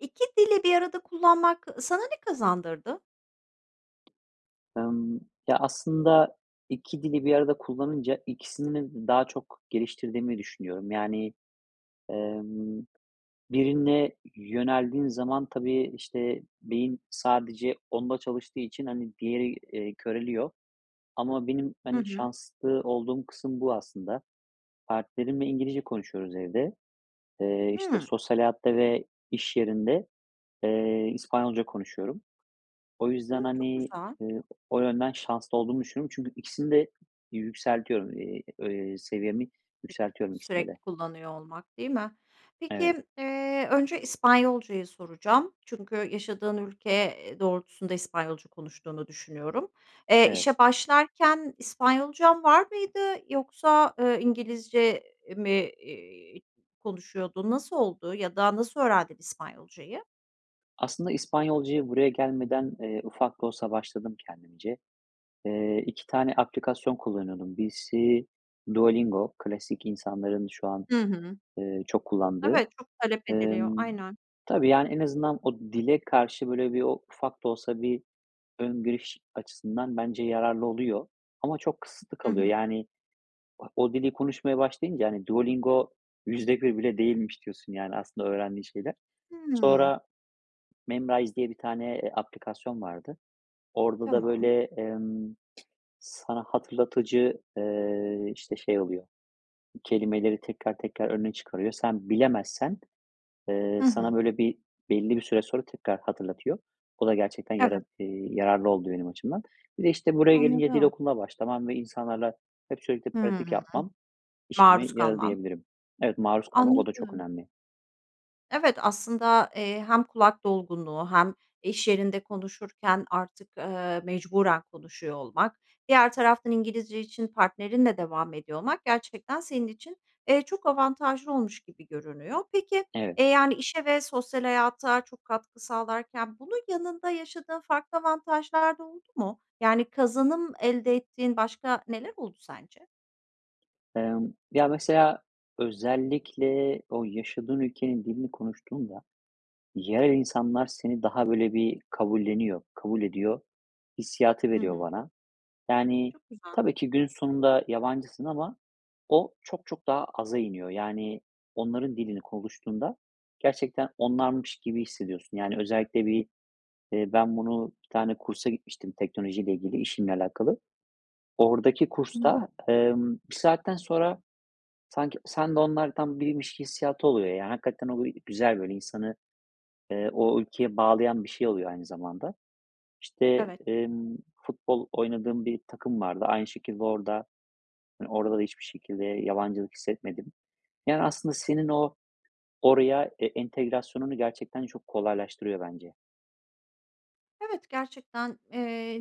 2 dili bir arada kullanmak sana ne kazandırdı? Emm, ya, aslında 2 dili bir arada kullanınca ikisini daha çok geliştirdiğimi düşünüyorum. Yani, emm, birine yöneldiğin zaman tabii, işte, beyin sadece onda çalıştığı için, hani, diğeri, eee, köreliyor ama benim, Hı hani, hı. şanslı olduğum kısım bu aslında. Partnerimle İngilizce konuşuyoruz evde. Eee, işte, Hıı. sosyal hayatta ve iş yerinde, eee, İspanyolca konuşuyorum. O yüzden, Hımm, çok hani, güzel. eee, o yönden şanslı olduğumu düşünüyorum. Çünkü ikisini de yükseltiyoru eee, eee, seviyemi yükseltiyorum ikisinde de. Sürekli kullanıyor olmak, değil mi? Evet. Peki, eee, önce İspanyolcayı soracağım. Çünkü yaşadığın ülke, eee, doğrultusunda İspanyolca konuştuğunu düşünüyorum. Eee, Evet. işe başlarken İspanyolcan var mıydı? Yoksa, eee, İngilizce mi, eee, konuşuyordun, nasıl oldu ya da nasıl öğrendin İspanyolcayı? Aslında İspanyolcaya buraya gelmeden, eee, ufak da olsa başladım kendimce. Eee, 2 tane aplikasyon kullanıyordum. Birisi Duolingo. Klasik, insanların şu an, Hı hı. eee, çok kullandığı. Evet, çok talep ediliyor, Emm, aynen. tabii, yani, en azından o dile karşı, böyle, bir o ufak da olsa bir ön giriş açısından bence yararlı oluyor. Ama çok kısıtlı Hı kalıyor. hı. Yani, o dili konuşmaya başlayınca, hani, Duolingo %1 bile değilmiş diyorsun, yani, aslında öğrendiğim şeyler. Hıı. Sonra Memrise diye bir tane, eee, aplikasyon vardı. Orada da Tamam. böyle, emm, sana hatırlatıcı, eee, işte, şey oluyor, kelimeleri tekrar tekrar önüne çıkarıyor. Sen, bilemezsen, eee, Hı sana, hı. böyle, bir belli bir süre sonra tekrar hatırlatıyor. Bu da gerçekten yara Evet. eee, yararlı oldu benim açımdan. Bir de, işte, buraya gelince dil Anladım. okuluma başlamam ve insanlarla hep sürekli pratik Hıı. yapmam, işime Maruz yaradı kalman. diyebilirim. Evet, maruz kalmak. O da çok Anladım. önemli. Evet, aslında, eee, hem kulak dolgunluğu hem iş yerinde konuşurken artık, eee, mecburen konuşuyor olmak. Diğer taraftan İngilizce için partnerinle devam ediyor olmak, gerçekten senin için, eee, çok avantajlı olmuş gibi görünüyor. Peki, Evet. eee, yani, işe ve sosyal hayata çok katkı sağlarken bunun yanında yaşadığın farklı avantajlar da oldu mu? Yani, kazanım elde ettiğin başka neler oldu sence? Emm, ya, mesela özellikle o yaşadığın ülkenin dilini konuştuğunda yerel insanlar seni daha, böyle, bir kabulleniyor, kabul ediyor hissiyatı Hı veriyor hı. bana. Yani, Çok güzel. tabii ki, günün sonunda yabancısın ama o çok çok daha aza iniyor. Yani, onların dilini konuştuğunda gerçekten onlarmış gibi hissediyorsun. Yani, özellikle bir, eee, ben bunu bir tane kursa gitmiştim teknolojiyle ilgili, işimle alakalı. Oradaki Hıı. kursta, emm, bir saatten sonra sanki sen de onlardan biriymiş hissiyatı oluyor, yani. Hakikaten o bir güzel, böyle, insanı, eee, o ülkeye bağlayan bir şey oluyor aynı zamanda. İşte, Evet. emm, futbol oynadığım bir takım vardı. Aynı şekilde orada, eee, orada da hiçbir şekilde yabancılık hissetmedim. Yani, aslında senin o oraya, e entegrasyonunu gerçekten çok kolaylaştırıyor bence. Evet, gerçekten, eee,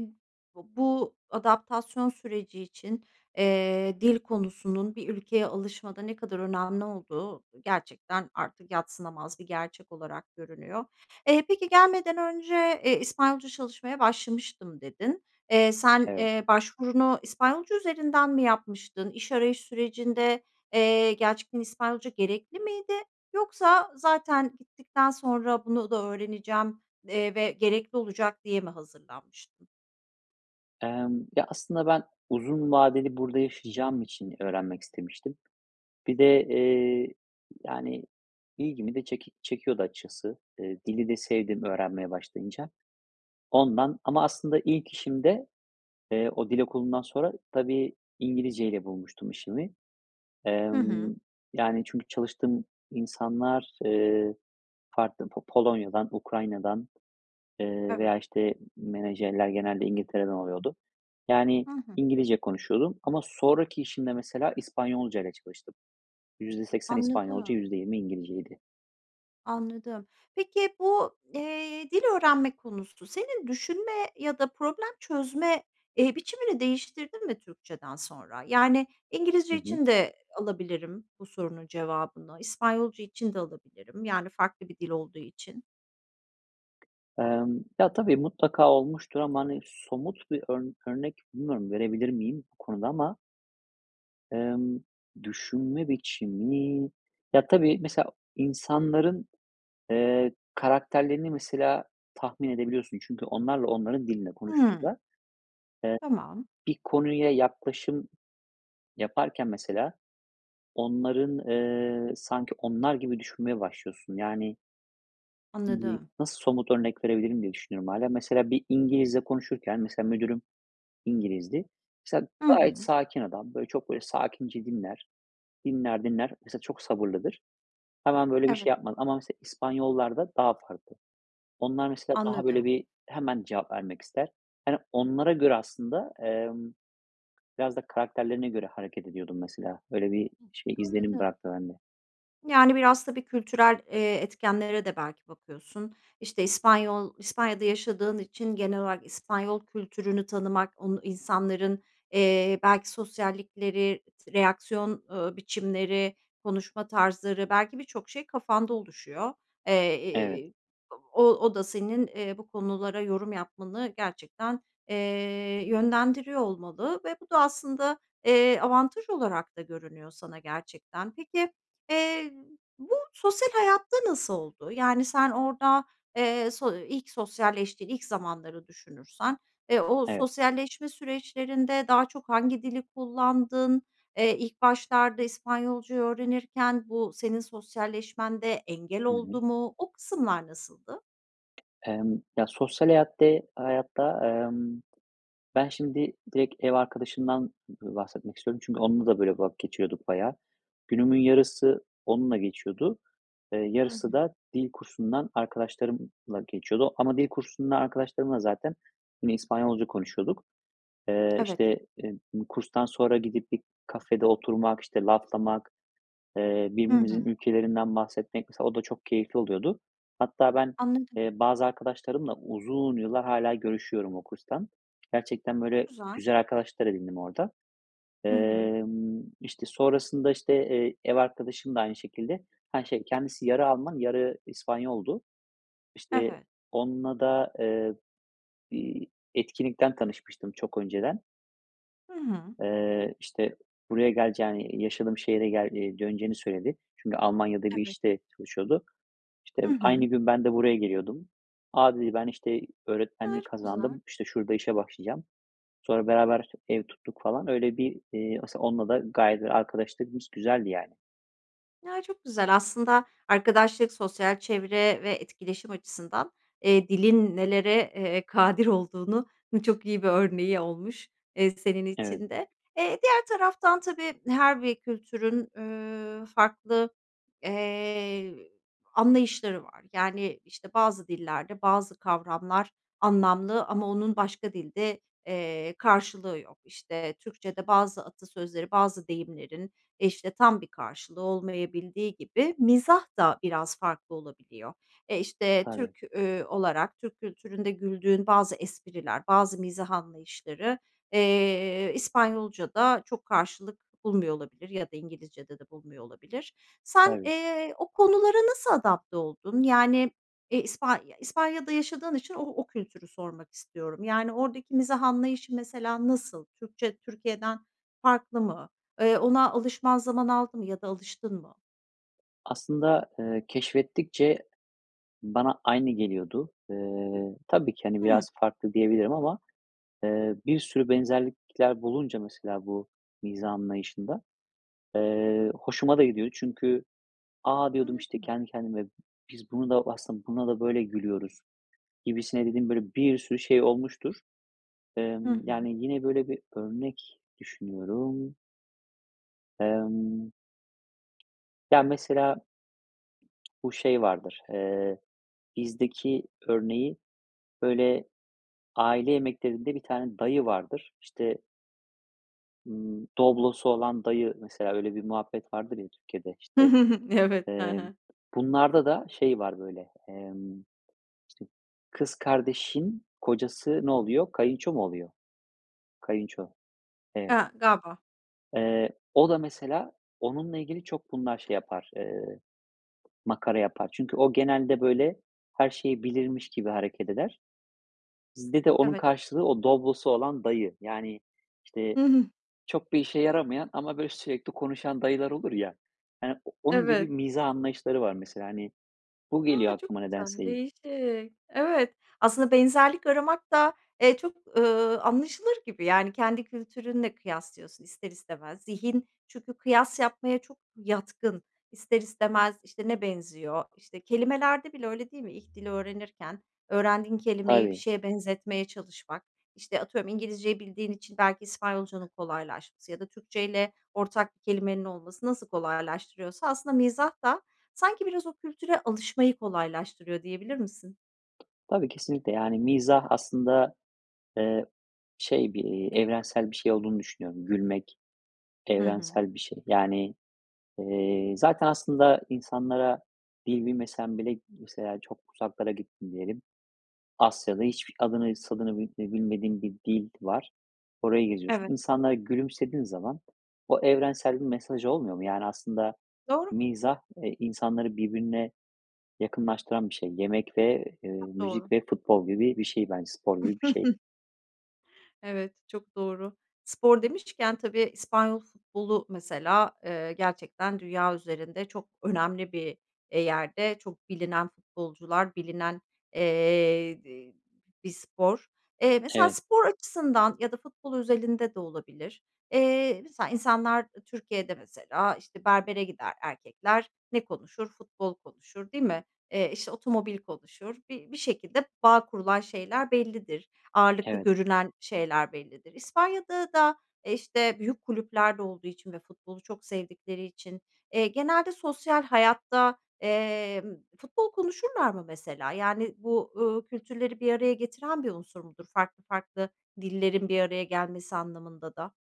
b bu adaptasyon süreci için, eee, dil konusunun bir ülkeye alışmada ne kadar önemli olduğu gerçekten artık yadsınamaz bir gerçek olarak görünüyor. Eee, peki "Gelmeden önce, eee, İspanyolca çalışmaya başlamıştım." dedin. Eee, sen, Evet. eee, başvurunu İspanyolca üzerinden mi yapmıştın? İş arayış sürecinde, eee, gerçekten İspanyolca gerekli miydi yoksa zaten gittikten sonra bunu da öğreneceğim, eee, ve gerekli olacak diye mi hazırlanmıştın? Emm, ya aslında ben uzun vadeli burada yaşayacağım için öğrenmek istemiştim. Bir de, eee, yani ilgimi de çek çekiyordu açıkçası, eee, dili de sevdim öğrenmeye başlayınca. Ondan ama aslında ilk işimde, eee, o dil okulundan sonra tabii İngilizce ile bulmuştum işimi. Hı hı. Emm, yani çünkü çalıştığım insanlar, ııı, farklı po Polonya'dan, Ukrayna'dan, ııı, Evet. veya işte menajerler genelde İngiltere'den oluyordu. Yani Hı hı. İngilizce konuşuyordum. Ama sonraki işimde mesela İspanyolcayla çalıştım. %80 İspanyolca, Anladım. %20 İngilizceydi. Anladım. Peki bu, eee, dil öğrenme konusu senin düşünme ya da problem çözme, eee, biçimini değiştirdin mi Türkçeden sonra? Yani Hı İngilizce hı. için de alabilirim bu sorunun cevabını, İspanyolca için de alabilirim, yani farklı bir dil olduğu için. Imm, ya tabii mutlaka olmuştur ama hani somut bir örn örnek bilmiyorum verebilir miyim bu konuda ama ımm, düşünme biçimi ya tabii mesela insanların, ııı, karakterlerini mesela tahmin edebiliyorsun. Çünkü onlarla onların dilinde Hı. konuştuğunda, ııı, Tamam. bir konuya yaklaşım yaparken mesela onların, ııı, sanki onlar gibi düşünmeye başlıyorsun yani Anladım. Nasıl somut örnek verebilirim diye düşünüyorum, hâlâ. Mesela, bir İngilizle konuşurken, mesela, müdürüm İngiliz'di. Mesela, Hı gayet hı. sakin adam. Böyle çok böyle sakince dinler. Dinler dinler. Mesela, çok sabırlıdır. Hemen böyle bir Evet. şey yapmaz. Ama, mesela, İspanyollar'da daha farklı. Onlar, mesela, daha böyle Anladım. bir hemen cevap vermek ister. Yani, onlara göre, aslında, emm, biraz da karakterlerine göre hareket ediyordum, mesela. Öyle bir, şey, izlenim Anladım. bıraktı bende. Yani, biraz, tabii, kültürel, eee, etkenlere de belki bakıyorsun. İşte, İspanyol İspanya'da yaşadığın için genel olarak İspanyol kültürünü tanımak, onu insanların, eee, belki sosyallikleri, s reaksiyon, eee, biçimleri, konuşma tarzları belki birçok şey kafanda oluşuyor. Evet. Eee, o o da senin, eee, bu konulara yorum yapmanı, gerçekten, eee, yönlendiriyor olmalı ve bu da, aslında, eee, avantaj olarak da görünüyor sana, gerçekten. Peki, eee, bu sosyal hayatta nasıl oldu? Yani, sen orada, eee, so ilk sosyalleştiğin ilk zamanları düşünürsen, eee, o Evet. sosyalleşme süreçlerinde daha çok hangi dili kullandın? Eee, ilk başlarda İspanyolca'yı öğrenirken bu senin sosyalleşmende engel Hı hı. oldu mu? O kısımlar nasıldı? Emm, ya, sosyal hayatte hayatta, emm, ben şimdi direkt ev arkadaşımdan, b bahsetmek istiyorum. Çünkü onunla da böyle vakit geçiyorduk bayağı. Günümün yarısı onunla geçiyordu. Eee, Hı yarısı hı. da dil kursundan arkadaşlarımla geçiyordu ama dil kursundan arkadaşlarımla zaten yine İspanyolca konuşuyorduk. Eee, Evet. işte, em i kurstan sonra gidip bir kafede oturmak, işte, laflamak, eee, Hı hı. birbirimizin ülkelerinden bahsetmek, mesela, o da çok keyifli oluyordu. Hatta ben, Anladım. eee, bazı arkadaşlarımla uzun yıllar hâlâ görüşüyorum o kurstan. Gerçekten, Çok böyle, güzel. güzel arkadaşlar edindim orada. Hı hı. Emm, işte, sonrasında, işte, eee, ev arkadaşım da aynı şekilde, ha şey, kendisi yarı Alman yarı İspanyol'du. İşte, Evet. onunla da, eee, bir etkinlikten tanışmıştım çok önceden Hı hı. eee, işte buraya geleceğini, yaşadığım şehre gel eee, döneceğini söyledi. Çünkü Almanya'da bir Evet. işte çalışıyordu. İşte Hı aynı hı. gün ben de buraya geliyordum. A, dedi, ben işte Imm öğretmenlik çok güzel. kazandım. İşte şurada işe başlayacağım. Sonra beraber işte ev tuttuk falan öyle bir, eee, asıl onunla da gayet de arkadaşlığımız güzeldi, yani. Ya, çok güzel aslında arkadaşlık, sosyal çevre ve etkileşim açısından, eee, dilin nelere, eee, kadir olduğunun çok iyi bir örneği olmuş, eee, senin Evet. için de. Eee, diğer taraftan, tabii, her bir kültürün, üüü, farklı, eee, anlayışları var. Yani, işte, bazı dillerde bazı kavramlar anlamlı ama onun başka dilde, eee, karşılığı yok. İşte, Türkçede bazı atasözleri, bazı deyimlerin, işte, tam bir karşılığı olmayabildiği gibi mizah da biraz farklı olabiliyor. E, işte, Tabii. Türk, üüü, olarak, Türk kültüründe güldüğün bazı espriler, bazı mizah anlayışları, eee, İspanyolca'da çok karşılık bulmuyor olabilir ya da İngilizce'de de bulmuyor olabilir. Sen, Tabii. eee, o konulara nasıl adapte oldun? Yani, e, ispan İspanya'da yaşadığın için o o kültürü sormak istiyorum. Yani, oradaki mizah anlayışı, mesela, nasıl? Türkçe, Türkiye'den farklı mı? Eee, ona alışman zaman aldı mı ya da alıştın mı? Aslında, eee, keşfettikçe bana aynı geliyordu. Eee, tabii ki hani Hı. biraz farklı diyebilirim ama, eee, bir sürü benzerlikler bulunca mesela bu mizah anlayışında, eee, hoşuma da gidiyordu. Çünkü a, diyordum işte Anladım. kendi kendime biz buna da aslında buna da böyle gülüyoruz gibisine dediğim böyle bir sürü şey olmuştur. Hı Emm, hı. yani yine böyle bir örnek düşünüyorum. Emm. Yani mesela bu şey vardır, eee, bizdeki örneği böyle aile yemeklerinde bir tane dayı vardır, işte ımm, Doblo'su olan dayı mesela öyle bir muhabbet vardır ya Türkiye'de işte, Evet. He emm, he. bunlarda da şey var böyle. Emm, işte kız kardeşin kocası ne oluyor? Kayınço mu oluyor? Kayınço, He, evet. galiba. Eee, o da mesela onunla ilgili çok bunlar şey yapar, eee, makara yapar. Çünkü o genelde böyle her şeyi bilirmiş gibi hareket eder. Bizde de onun Evet. karşılığı o Doblo'su olan dayı. Yani işte, çok bir işe yaramayan ama böyle sürekli konuşan dayılar olur ya yani o onun gibi Evet. mizah anlayışları var mesela hani bu A! geliyor Çok aklıma güzel, nedense ilk. değişik. Evet. Aslında benzerlik aramak da, eee, çok, ııı, anlaşılır gibi yani kendi kültürünle kıyaslıyorsun ister istemez. Zihin çünkü kıyas yapmaya çok yatkın, ister istemez işte ne benziyor. İşte kelimelerde bile öyle değil mi? İlk dili öğrenirken öğrendiğin kelimeyi bir Tabii. şeye benzetmeye çalışmak, işte atıyorum İngilizce'yi bildiğin için belki İspanyolca'nın kolaylaşması ya da Türkçeyle ortak bir kelimenin olması nasıl kolaylaştırıyorsa aslında mizah da sanki biraz o kültüre alışmayı kolaylaştırıyor diyebilir misin? Tabii kesinlikle yani mizah aslında, eee, şey bir, iii, evrensel bir şey olduğunu düşünüyorum. Gülmek Hı hı. evrensel bir şey. Yani, eee, zaten aslında insanlara dil bilmesen bile mesela çok uzaklara gittin diyelim. Asya'da hiç b adını, sanını bi bilmediğim bir dil var. Orayı geziyorsun. Evet. İnsanlara gülümsediğin zaman o evrensel bir mesaj olmuyor mu? Yani aslında Doğru. mizah, eee, insanları birbirine yakınlaştıran bir şey. Yemek ve, eee, Çok müzik doğru. ve futbol gibi bir şey bence. Spor gibi bir şey. Evet, çok doğru. Spor demişken tabii İspanyol futbolu mesela, eee, gerçekten dünya üzerinde çok önemli bir, eee, yerde, çok bilinen futbolcular, bilinen, eee, dı bir spor. Eee, mesela Evet. spor açısından ya da futbol özelinde de olabilir, eee, mesela insanlar, eee, Türkiye'de mesela işte berbere gider erkekler, ne konuşur? Futbol konuşur değil mi? Eee, işte otomobil konuşur, bi bir şekilde bağ kurulan şeyler bellidir. Ağırlıklı Evet. görünen şeyler bellidir. İspanya'da da, eee, işte büyük kulüplerde olduğu için ve futbolu çok sevdikleri için, eee, genelde sosyal hayatta, emm, futbol konuşurlar mı mesela yani bu, uuu, kültürleri bir araya getiren bir unsur mudur farklı farklı dillerin bir araya gelmesi anlamında da?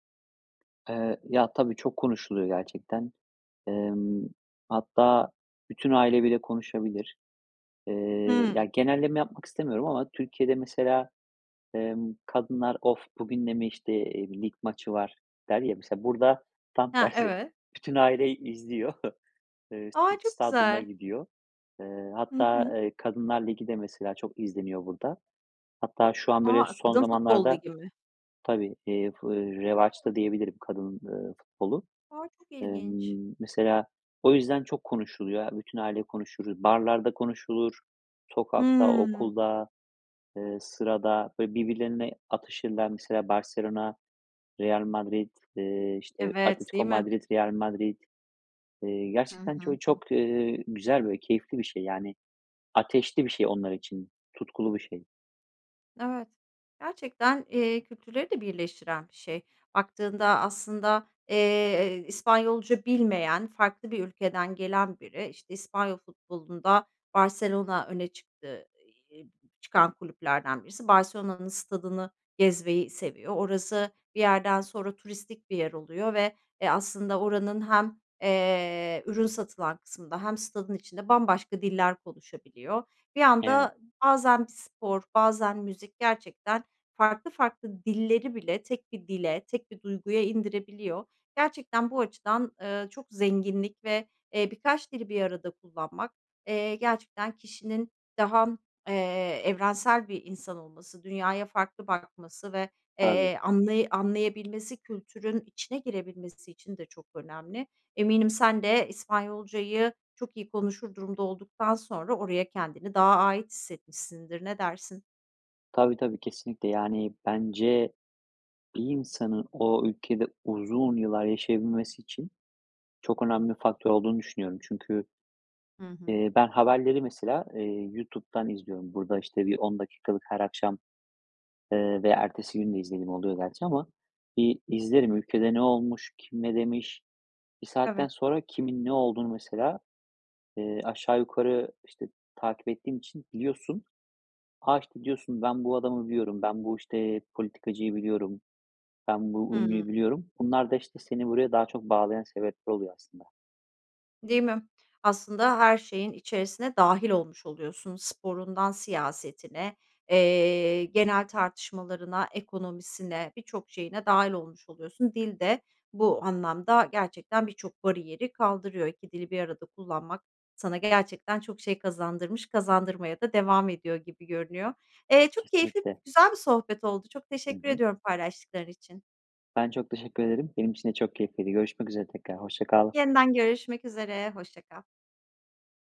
Eee, ya, tabii çok konuşuluyor, gerçekten. Emm, hatta bütün aile bile konuşabilir. Eee, Hıı. ya, genelleme yapmak istemiyorum ama Türkiye'de mesela, emm, kadınlar, "Of! Bugün de mi, işte, eee, lig maçı var?" der, ya. Mesela, burada tam He, tersi, evet. bütün aile i izliyor. Eee, A! Çok stadyuma güzel. gidiyor. Eee, Hı hatta, hı. eee, kadınlar ligi de mesela çok izleniyor burada. Hatta şu an, böyle, A! son Kadın futbol zamanlarda ligi mi? tabii, eee, fu eee, Hıı. revaçta diyebilirim, kadın, eee, futbolu. A! Çok ilginç. Emm, mesela, o yüzden çok konuşuluyor, aaa, bütün aile konuşuruz. Barlarda konuşulur. Sokakta, Hıı. okulda, eee, sırada. Böyle, birbirlerine atışırlar, mesela, Barselona, Real Madrid, eee, işte, Evet, Atletico değil mi? Madrid, Real Madrid. Eee, Hı gerçekten ço hı. Hıı. çok, eee, güzel, böyle keyifli bir şey. Yani, ateşli bir şey onlar için. Tutkulu bir şey. Evet. Gerçekten, eee, kültürleri de birleştiren bir şey. Baktığında aslında, eee, İspanyolca bilmeyen, farklı bir ülkeden gelen biri, işte, İspanyol futbolunda Barselona öne çıktı ey eee, çıkan kulüplerden birisi, Barselona'nın stadını gezmeyi seviyor. Orası, bir yerden sonra turistik bir yer oluyor ve, eee, aslında oranın hem, eee, ürün satılan kısmında hem stadın içinde bambaşka diller konuşabiliyor. Bir Evet. anda bazen bir spor, bazen müzik gerçekten farklı farklı dilleri bile tek bir dile, tek bir duyguya indirebiliyor. Gerçekten bu açıdan, eee, çok zenginlik ve, eee, birkaç dili bir arada kullanmak, eee, gerçekten kişinin daha, eee, evrensel bir insan olması, dünyaya farklı bakması ve, Tabii. eee, anlay anlayabilmesi, kültürün içine girebilmesi için de çok önemli. Eminim sen de İspanyolcayı çok iyi konuşur durumda olduktan sonra oraya kendini daha ait hissetmişsindir, ne dersin? Tabii tabii, kesinlikle. Yani, bence, bir insanın o ülkede uzun yıllar yaşayabilmesi için çok önemli faktör olduğunu düşünüyorum. Çünkü, Hı hı. eee, ben, haberleri, mesela, eee, YouTube'dan izliyorum. Burada, işte, bir 10 dakikalık her akşam, eee, ve ertesi gün de izlediğim oluyor gerçi ama. İii, izlerim ülkede ne olmuş? Kim ne demiş? Bir saatten Evet. sonra kimin ne olduğunu mesela, eee, aşağı yukarı, işte, takip ettiğin için biliyorsun. "A!" işte, diyorsun, "Ben, bu adamı biliyorum. Ben, bu, işte, politikacıyı biliyorum. Ben, bu Hıı. ünlüyü biliyorum." Bunlar da, işte, seni buraya daha çok bağlayan sebepler oluyor aslında. Değil mi? Aslında, her şeyin içerisine dâhil olmuş oluyorsun. Sporundan siyasetine, eee, genel tartışmalarına, ekonomisine, birçok şeyine dâhil olmuş oluyorsun. Dil de bu anlamda gerçekten birçok bariyeri kaldırıyor. 2 dili bir arada kullanmak sana gerçekten çok şey kazandırmış, kazandırmaya da devam ediyor gibi görünüyor. Eee, çok keyifli, Kesinlikle. güzel bir sohbet oldu. Çok Hı teşekkür hı. ediyorum paylaştıkları için. Ben, çok teşekkür ederim. Benim için de çok keyifliydi. Görüşmek üzere tekrar. Hoşça kal. Yeniden görüşmek üzere, hoşça kal.